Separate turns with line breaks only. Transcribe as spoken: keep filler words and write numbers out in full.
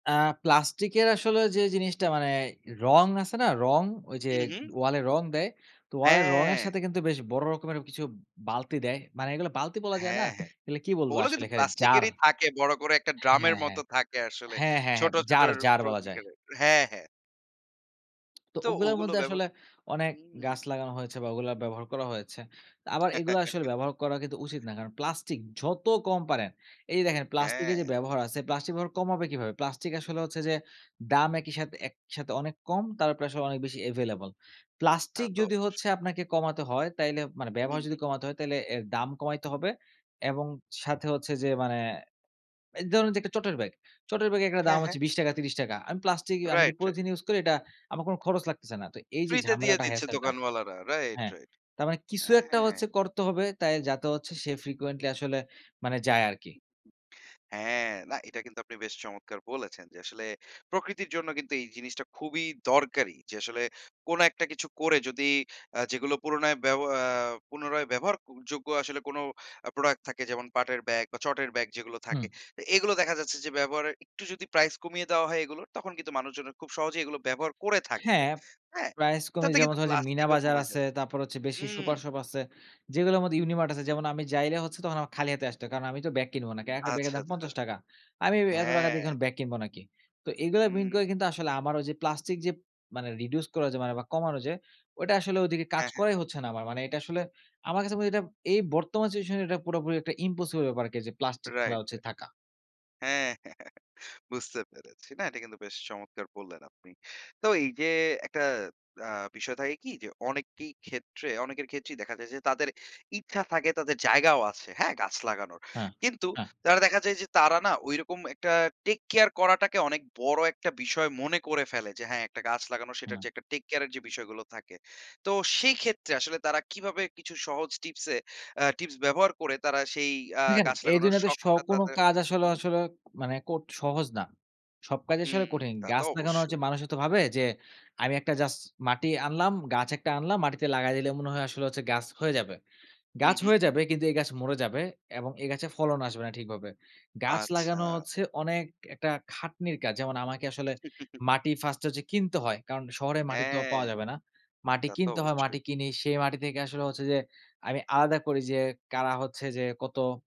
আ প্লাস্টিকের আসলে ওই যে জিনিসটা মানে রঙ আছে না, রঙ, ওই যে
হু, হু।
ওয়াল এ রঙ দেয়। তো ওয়ালে রঙের
হ্যাঁ।
সাথে কিন্তু বেশ বড় রকমের কিছু বালতি দেয়। মানে এগুলো বালতি বলা যায় না।
হ্যাঁ, হ্যাঁ।
এগুলো কি বলবো
ওগুলা
আসলে,
কিন্তু
এখানে
প্লাস্টিক
'জার'
এরই থাকে। বড় করে একটা ড্রামের
হ্যাঁ, হ্যাঁ।
মতো থাকে আসলে।
হ্যাঁ, হ্যাঁ, হ্যাঁ
ছোট, ছোট
জার জার বলা যায়।
প্রতিকারের। হ্যাঁ, হ্যাঁ।
তো
তো
ওগুলার
ওগুলো
মধ্যে আসলে
ব্যবহার
অনেক
হুম, হুম।
গাছ লাগানো হয়েছে বা ওগুলা ব্যবহার করা হয়েছে। আবার এগুলা আসলে ব্যবহার করা কিন্তু উচিত না। কারণ প্লাস্টিক, যত কম পারেন এই যে দেখেন প্লাস্টিকের যে
হ্যাঁ।
ব্যবহার আছে, প্লাস্টিক ব্যবহার কমাবে কিভাবে? প্লাস্টিক আসলে হচ্ছে যে দাম একই সাথে একসাথে অনেক কম, তারপরে আসলে অনেক বেশি available।
তা
প্লাস্টিক
তো
যদি
অবশ্যই।
হচ্ছে আপনাকে কমাতে হয়, তাইলে মানে
হু,
ব্যবহার যদি
হু।
কমাতে হয়। তাইলে এর দাম কমাইতে হবে এবং সাথে হচ্ছে যে মানে এই ধরুন যে একটা চটের ব্যাগ। চটের ব্যাগে একটা
হ্যাঁ,
দাম
হ্যাঁ।
হচ্ছে বিশ টাকা ত্রিশ টাকা। আমি প্লাস্টিক আমি যে
রাইট, রাইট।
পলিথিন ইউস করি এটা আমার কোনো খরচ লাগতেছে না। তো এই যে
ফ্রিতে দিয়ে
ঝামেলাটা
দিচ্ছে
হেছেলটা।
দোকানওয়ালারা। রাইট,
হ্যাঁ,
রাইট।
তার মানে কিছু একটা
হ্যাঁ।
হচ্ছে করতে হবে। তাই যাতে হচ্ছে সে frequently আসলে মানে যায় আরকি।
হ্যাঁ, না এটা কিন্তু আপনি বেশ চমৎকার বলেছেন। যে আসলে প্রকৃতির জন্য কিন্তু এই জিনিসটা খুবই দরকারি। যে আসলে কোনো একটা কিছু করে যদি আ যেগুলো পুনরায় ব্যাব আ পুনরায় ব্যবহারযোগ্য আসলে কোনো আ প্রোডাক্ট থাকে। যেমন পাটের ব্যাগ বা চটের ব্যাগ যেগুলো থাকে।
হু।
তো এগুলো দেখা যাচ্ছে যে ব্যবহারের একটু যদি প্রাইস কমিয়ে দেওয়া হয় এগুলোর। তখন কিন্তু মানুষজন খুব সহজেই এগুলো ব্যবহার করে থাকবে।
হ্যাঁ,
হ্যাঁ?
প্রাইস কমে
তাতে
যেমন
কিন্তু
ধরেন যে মিনা
প্লাস্টিকও
বাজার
কমে
আছে,
যাবে।
তারপর হচ্ছে বেশি
হুম।
সুপার শপ আছে। যেগুলার মধ্যে ইউনিমার্ট আছে। যেমন আমি যাইলে হচ্ছে তখন আমার খালি হাতে আসতে হয়। কারণ আমি তো ব্যাগ কিনবো নাকি। একটা ব্যাগের
আচ্ছা,
দাম
আচ্ছা।
পঞ্চাশ টাকা। আমি এত টাকা
হ্যাঁ।
দিয়ে ব্যাগ কিনবো নাকি? তো এগুলা মিন
হুম।
করে কিন্তু আসলে আমার ঐযে প্লাস্টিক যে মানে reduce করা ঐযে মানে বা কমানো যে ওইটা আসলে ওদিকে কাজ
হ্যাঁ, হ্যাঁ।
করাই হচ্ছে না আমার মানে এটা আসলে আমার কাছে মনে হয় যে এইটা এই বর্তমান সিচুয়েশনে এটা পুরোপুরি একটা ইম্পসিবল ব্যাপারকে যে প্লাস্টিক
রাইট,
ফেলা হচ্ছে
রাইট।
থাকা।
হ্যাঁ। বুঝতে পেরেছি। না এটা কিন্তু বেশ চমৎকার বললেন আপনি। তো এই যে একটা আ বিষয় থাকে কি? যে অনেকই ক্ষেত্রে অনেকের ক্ষেত্রেই দেখা যায় যে তাদের ইচ্ছা থাকে তাদের জায়গাও আছে। হ্যাঁ? গাছ লাগানোর।
হ্যাঁ,
কিন্তু
হ্যাঁ।
তারা দেখা যায় যে তারা না ঐরকম একটা টেক কেয়ার করাটাকে অনেক বড় একটা বিষয় মনে করে ফেলে। যে হ্যাঁ, একটা গাছ লাগানোর সেটা
হুম।
হচ্ছে একটা টেক কেয়ারের যে বিষয়গুলো থাকে। তো সেই ক্ষেত্রে আসলে তারা কিভাবে কিছু সহজ টিপস এ আ টিপস ব্যবহার করে তারা সেই আ
দেখেন
গাছ
এই
লাগানোর
দুনিয়াতে স
শখটা
কোনো
তাদের
কাজ
হু,
আসলে
হুম।
আসলে মানে কোট সহজ না। সব কাজ
হু,
আসলে কঠিন।
তা তো
গাছ লাগানো হচ্ছে
অবশ্যই।
মানুষও তো ভাবে যে আমি একটা জাস্ট মাটি আনলাম গাছ একটা আনলাম। মাটিতে লাগায় দিলে মনে হয় আসলে হচ্ছে গাছ হয়ে যাবে।
হু,
গাছ
হু।
হয়ে যাবে কিন্তু এই গাছ মরে যাবে এবং এই গাছে ফলন আসবে না ঠিকভাবে। গাছ লাগানো
আচ্ছা।
হচ্ছে অনেক একটা খাটনির কাজ। যেমন আমাকে আসলে মাটি ফার্স্ট হচ্ছে কিনতে হয়। কারণ শহরে মাটি তো
হ্যাঁ,
পাওয়া যাবে না। মাটি
তা তো
কিনতে হয়,
অবশ্যই।
মাটি কিনি সেই মাটি থেকে আসলে হচ্ছে যে আমি আলাদা করি যে কারা হচ্ছে যে কত